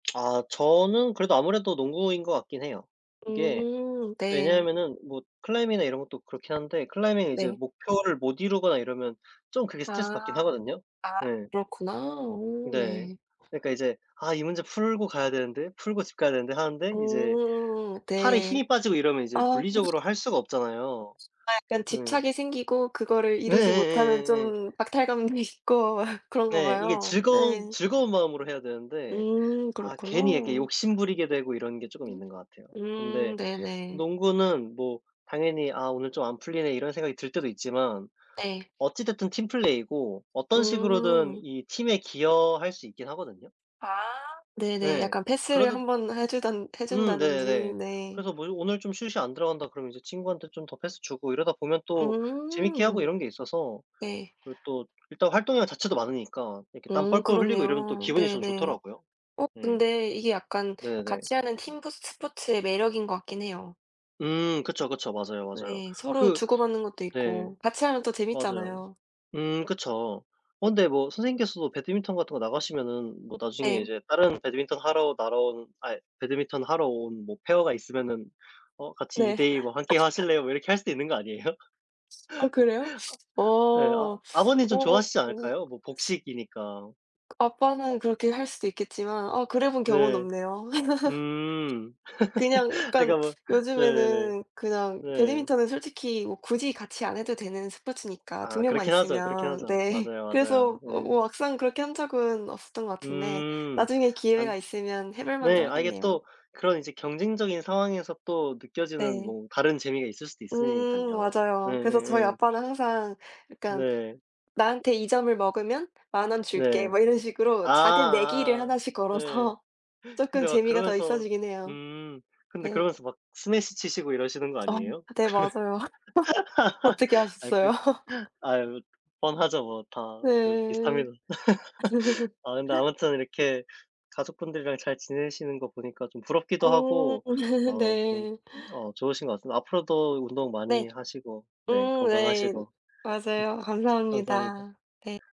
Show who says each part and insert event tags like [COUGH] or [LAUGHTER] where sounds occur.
Speaker 1: 아. 저는 그래도 아무래도 농구인 것 같긴 해요. 이게
Speaker 2: 음. 네.
Speaker 1: 왜냐하면은 뭐 클라이밍이나 이런 것도 그렇긴 한데 클라이밍이 이제
Speaker 2: 네.
Speaker 1: 목표를 못 이루거나 이러면 좀 그게 스트레스 받긴
Speaker 2: 아.
Speaker 1: 하거든요?
Speaker 2: 아.
Speaker 1: 예.
Speaker 2: 그렇구나. 오
Speaker 1: 네.
Speaker 2: 네.
Speaker 1: 그러니까 이제 '아 이 문제 풀고 가야 되는데. 풀고 집 가야 되는데.' 하는데 이제
Speaker 2: 오.
Speaker 1: 팔에
Speaker 2: 네.
Speaker 1: 힘이 빠지고 이러면 이제
Speaker 2: 아.
Speaker 1: 물리적으로 할 수가 없잖아요.
Speaker 2: 아 약간
Speaker 1: 네.
Speaker 2: 집착이 생기고 그거를 이루지 못하면
Speaker 1: 네예예예예.
Speaker 2: 좀 박탈감이 있고 그런가
Speaker 1: 네. 이게
Speaker 2: 봐요.
Speaker 1: 즐거운
Speaker 2: 네.
Speaker 1: 즐거운 마음으로 해야 되는데
Speaker 2: 음.
Speaker 1: 아
Speaker 2: 그렇구나.
Speaker 1: 괜히 이렇게 욕심 부리게 되고 이런 게 쪼금
Speaker 2: 음?
Speaker 1: 있는 것 같아요.
Speaker 2: 음.
Speaker 1: 근데
Speaker 2: 네네.
Speaker 1: 농구는 뭐 당연히 '아 오늘 좀 안 풀리네.' 이런 생각이 들 때도 있지만
Speaker 2: 네.
Speaker 1: 어찌 됐든 팀플레이고 어떤 식으로든
Speaker 2: 음.
Speaker 1: 이 팀에 기여할 수 있긴 하거든요.
Speaker 2: 아. 네네.
Speaker 1: 예.
Speaker 2: 약간 패스를
Speaker 1: 그래도
Speaker 2: 1 번 해 주든 해
Speaker 1: 음.
Speaker 2: 준다든지
Speaker 1: 네네.
Speaker 2: 네.
Speaker 1: 그래서 뭐 오늘 좀 슛이 안 들어간다 그러면 이제 친구한테 좀 더 패스 주고 이러다 보면 또 재밌게 하고
Speaker 2: 음.
Speaker 1: 이런 게 있어서
Speaker 2: 네.
Speaker 1: 그리고 또 일단 활동량 자체도 많으니까 이렇게 땀
Speaker 2: 음.
Speaker 1: 뻘뻘 흘리고 이러면 또
Speaker 2: 그렇네요.
Speaker 1: 기분이 전
Speaker 2: 네네.
Speaker 1: 좋더라고요.
Speaker 2: 어
Speaker 1: 음.
Speaker 2: 근데 이게 약간
Speaker 1: 네네.
Speaker 2: 같이 하는 팀부 스포츠의 매력인 것 같긴 해요.
Speaker 1: 음. 그쵸, 그쵸. 맞아요, 맞아요.
Speaker 2: 네. 서로
Speaker 1: 그
Speaker 2: 주고받는 것도
Speaker 1: 네.
Speaker 2: 있고 같이 하면 또
Speaker 1: 맞아요.
Speaker 2: 재밌잖아요.
Speaker 1: 음 그쵸. 어 근데 뭐 선생님께서도 배드민턴 같은 거 나가시면은 뭐 나중에
Speaker 2: 예.
Speaker 1: 이제 다른 배드민턴 하러 날아온 아이 배드민턴 하러 온 뭐 페어가 있으면은 어 "같이 이
Speaker 2: 네.
Speaker 1: 대 이 뭐 1 게임
Speaker 2: [LAUGHS]
Speaker 1: 하실래요?" 뭐 이렇게 할 수도 있는 거 아니에요? [LAUGHS]
Speaker 2: 아 그래요? 어.
Speaker 1: 아 아 예 아
Speaker 2: 어
Speaker 1: 아버님 좀
Speaker 2: 어.
Speaker 1: 좋아하시지 않을까요? 뭐 복식이니까.
Speaker 2: 그 아빠는 그렇게 할 수도 있겠지만 아 그래 본 경우는
Speaker 1: 네.
Speaker 2: 없네요.
Speaker 1: 음.
Speaker 2: [LAUGHS] 그냥
Speaker 1: [LAUGHS] 아
Speaker 2: 약간
Speaker 1: 그러니까 뭐 네네네.
Speaker 2: 요즘에는 그냥
Speaker 1: 네.
Speaker 2: 배드민턴은 솔직히 뭐 굳이 같이 안 해도 되는 스포츠니까 2
Speaker 1: 아
Speaker 2: 명만
Speaker 1: 그렇긴 하죠, 그렇긴
Speaker 2: 있으면.
Speaker 1: 하죠.
Speaker 2: 네.
Speaker 1: 맞아요, 맞아요.
Speaker 2: 그래서 뭐
Speaker 1: 예.
Speaker 2: 뭐 막상 그렇게 한 적은 없었던 것 같은데
Speaker 1: 음.
Speaker 2: 나중에
Speaker 1: 아
Speaker 2: 기회가 있으면 해 볼 만도
Speaker 1: 네. 아 이게
Speaker 2: 하겠네요.
Speaker 1: 또 그런 이제 경쟁적인 상황에서 또 느껴지는
Speaker 2: 네.
Speaker 1: 뭐 다른 재미가 있을 수도
Speaker 2: 음.
Speaker 1: 있으니깐요.
Speaker 2: 맞아요. 그래서 저희
Speaker 1: 예예예.
Speaker 2: 아빠는 항상 약간
Speaker 1: 네.
Speaker 2: "나한테 2 점을 먹으면 10,000 원 줄게."
Speaker 1: 네.
Speaker 2: 뭐 이런 식으로 작은 내기를
Speaker 1: 아아아
Speaker 2: 하나씩
Speaker 1: 예.
Speaker 2: 걸어서 쪼끔
Speaker 1: 근데 막
Speaker 2: 재미가 더
Speaker 1: 그러면서
Speaker 2: 있어지긴 해요.
Speaker 1: 음 근데
Speaker 2: 네.
Speaker 1: 그러면서 막 스매시 치시고 이러시는 거
Speaker 2: 어.
Speaker 1: 아니에요? 그러면
Speaker 2: 네 맞아요. [LAUGHS]
Speaker 1: [LAUGHS]
Speaker 2: 어떻게
Speaker 1: 아이
Speaker 2: 아셨어요?
Speaker 1: 그
Speaker 2: [LAUGHS]
Speaker 1: 아이 뭐 뻔하죠 뭐. 다 그렇
Speaker 2: 네.
Speaker 1: 비슷합니다. [LAUGHS] 아 근데
Speaker 2: [LAUGHS]
Speaker 1: 아무튼 이렇게 가족분들이랑 잘 지내시는 거 보니까 좀 부럽기도
Speaker 2: 음.
Speaker 1: 하고
Speaker 2: [LAUGHS]
Speaker 1: 어 좀
Speaker 2: 네.
Speaker 1: 어 좋으신 것 같습니다. 앞으로도 운동
Speaker 2: 네.
Speaker 1: 많이 하시고 네
Speaker 2: 음 네.
Speaker 1: 건강하시고.
Speaker 2: 맞아요.
Speaker 1: [LAUGHS] 감사합니다.
Speaker 2: 감사합니다. 네.